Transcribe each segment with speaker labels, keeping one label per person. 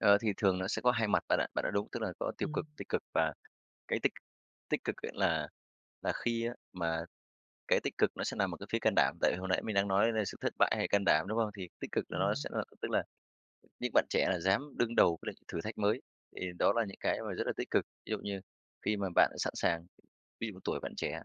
Speaker 1: Ờ, thì thường nó sẽ có hai mặt bạn ạ. Bạn nói đúng, tức là có tiêu cực,
Speaker 2: Ừm.
Speaker 1: tích cực, và cái tích tích cực ấy là là khi á mà cái tích cực nó sẽ nằm ở cái phía can đảm. Tại vì hồi nãy mình đang nói ở đây là sự thất bại hay can đảm, đúng không? Thì tích cực là nó
Speaker 2: Ừm.
Speaker 1: sẽ là tức là những bạn trẻ là dám đương đầu với lại thử thách mới thì đó là những cái mà rất là tích cực. Ví dụ như khi mà bạn sẵn sàng ví dụ tuổi bạn trẻ,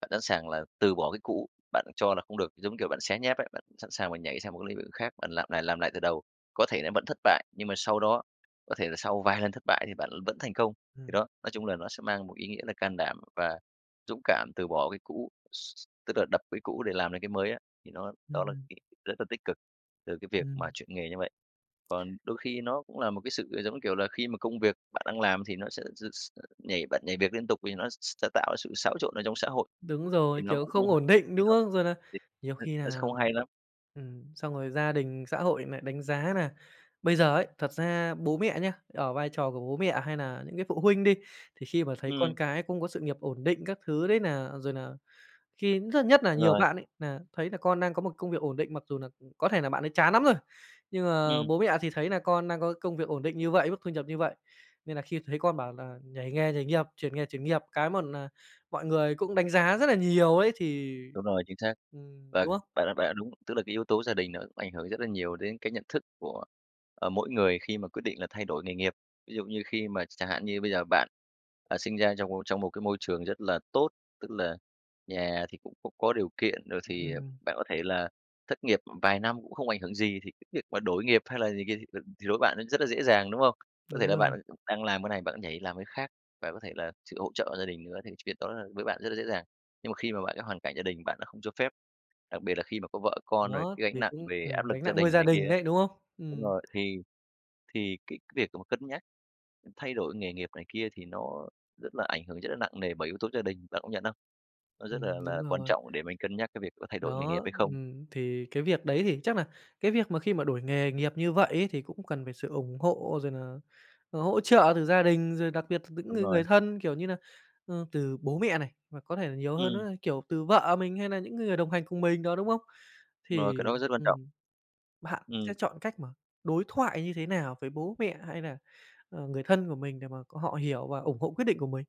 Speaker 1: bạn sẵn sàng là từ bỏ cái cũ bạn cho là không được, giống kiểu, bạn xé nháp ấy, bạn sẵn sàng mà nhảy sang một cái lĩnh vực khác, bạn làm lại làm lại từ đầu. Có thể nó vẫn thất bại, nhưng mà sau đó, có thể là sau vài lần thất bại thì bạn l vẫn thành công. Thì
Speaker 2: Ừm.
Speaker 1: đó, nói chung là nó sẽ mang một ý nghĩa là can đảm và dũng cảm từ bỏ cái cũ, x tức là đập cái cũ để làm lại cái mới á, thì nó
Speaker 2: Ừm,
Speaker 1: đó là
Speaker 2: ừm.
Speaker 1: cái rất là tích cực từ cái việc mà
Speaker 2: Ừm.
Speaker 1: chuyển nghề như vậy. Còn đôi khi nó cũng là một cái sự, ờ, giống như kiểu là, khi mà công việc bạn đang làm thì nó sẽ dư x nhảy bạn nhảy việc liên tục vì nó s sẽ tạo ra sự xáo trộn ở trong xã hội
Speaker 2: Đúng
Speaker 1: thì
Speaker 2: rồi,
Speaker 1: nó
Speaker 2: kiểu,
Speaker 1: cũng không
Speaker 2: không ổn định,
Speaker 1: thì
Speaker 2: đúng
Speaker 1: nó
Speaker 2: không? Rồi là
Speaker 1: thì
Speaker 2: nhiều
Speaker 1: nó
Speaker 2: khi
Speaker 1: nó sẽ
Speaker 2: nà
Speaker 1: không hay lắm.
Speaker 2: ừm, xong rồi gia đình, xã hội lại đánh giá nà bây giờ ấy, thật ra bố mẹ nhá, ở vai trò của bố mẹ hay nà những cái phụ huynh đi, thì khi mà thấy
Speaker 1: Ừm.
Speaker 2: con cái cũng có sự nghiệp ổn định các thứ đấy nà rồi nà khi rất nhất nà
Speaker 1: Đúng
Speaker 2: nhiều
Speaker 1: rồi.
Speaker 2: bạn ấy nà thấy nà con đang có một công việc ổn định, mặc dù nà cũng có thể nà bạn ấy chán nắm rồi, nhưng mà
Speaker 1: Ừm.
Speaker 2: bố mẹ thì thấy nà con đang có công việc ổn định như vậy, mức thu nhập như vậy, nên nà khi thấy con bảo là nhảy nghề, nhảy nghiệp, chuyển nghề, chuyển nghiệp cái một nà mọi người cũng đánh giá rất là nhiều ấy thì
Speaker 1: Đúng rồi, chính xác.
Speaker 2: ừm,
Speaker 1: Và
Speaker 2: đúng không?
Speaker 1: bạn đã bạn đã đúng, tức là cái yếu tố gia đình nó cũng ảnh hưởng rất là nhiều đến cái nhận thức của, ờ, mỗi người khi mà quyết định là thay đổi nghề nghiệp. Ví dụ như khi mà chẳng hạn như bây giờ bạn, ờ, sinh ra trong một trong một cái môi trường rất là tốt, tức là nhà thì cũng cũng có điều kiện, rồi thì, à,
Speaker 2: Ừm.
Speaker 1: bạn có thể là thất nghiệp, ừm, vài năm cũng không ảnh hưởng gì thì cái việc mà đổi nghiệp hay là này kia, thì, ừm, thì đối với bạn nó rất là dễ dàng, đúng không? Có thể
Speaker 2: Đúng
Speaker 1: là bạn
Speaker 2: rồi.
Speaker 1: cũng đang làm cái này, bạn nhảy làm cái khác, và có thể là sự hỗ trợ của gia đình nữa, thì cái việc đó với bạn rất là dễ dàng. Nhưng mà khi mà bạn cái hoàn cảnh gia đình bạn đã không cho phép, đặc biệt là khi mà có vợ con, rồi
Speaker 2: Đó,
Speaker 1: cái gánh
Speaker 2: thì
Speaker 1: nặng
Speaker 2: cũng
Speaker 1: về áp
Speaker 2: ừm,
Speaker 1: lực
Speaker 2: gánh
Speaker 1: gia
Speaker 2: nặng nuôi
Speaker 1: đình
Speaker 2: gia
Speaker 1: này kia
Speaker 2: đình
Speaker 1: á
Speaker 2: đấy, đúng không?
Speaker 1: đúng
Speaker 2: Ừm.
Speaker 1: rồi, thì thì cái việc mà cân nhắc, ừm, thay đổi nghề nghiệp này kia thì nó rất là ảnh hưởng rất là nặng nề bởi yếu tố gia đình, bạn công nhận không? Nó rất
Speaker 2: Ừm,
Speaker 1: là
Speaker 2: đúng
Speaker 1: là quan
Speaker 2: rồi.
Speaker 1: trọng để mình cân nhắc cái việc có thay đổi nghề
Speaker 2: Đó,
Speaker 1: nghiệp hay không.
Speaker 2: ừm, thì cái việc đấy thì chắc nà cái việc mà khi mà đổi nghề nghiệp như vậy ấy thì cũng cần phải sự ủng hộ rồi nà, à, hỗ trợ từ gia đình, rồi đặc biệt từ những
Speaker 1: Đúng
Speaker 2: người
Speaker 1: rồi.
Speaker 2: người thân, kiểu như nà, ơ, từ bố mẹ này, hoặc có thể nà nhiều hơn
Speaker 1: Ừm.
Speaker 2: nữa, kiểu, từ vợ mình hay nà những cái người đồng hành cùng mình đó, đúng không?
Speaker 1: Đúng rồi, cái
Speaker 2: Thì,
Speaker 1: đó rất quan trọng.
Speaker 2: ừm, bạn
Speaker 1: Ừm.
Speaker 2: sẽ chọn cách mà đối thoại như thế nào với bố mẹ hay nà, ờ, người thân của mình để mà c họ hiểu và ủng hộ quyết định của mình?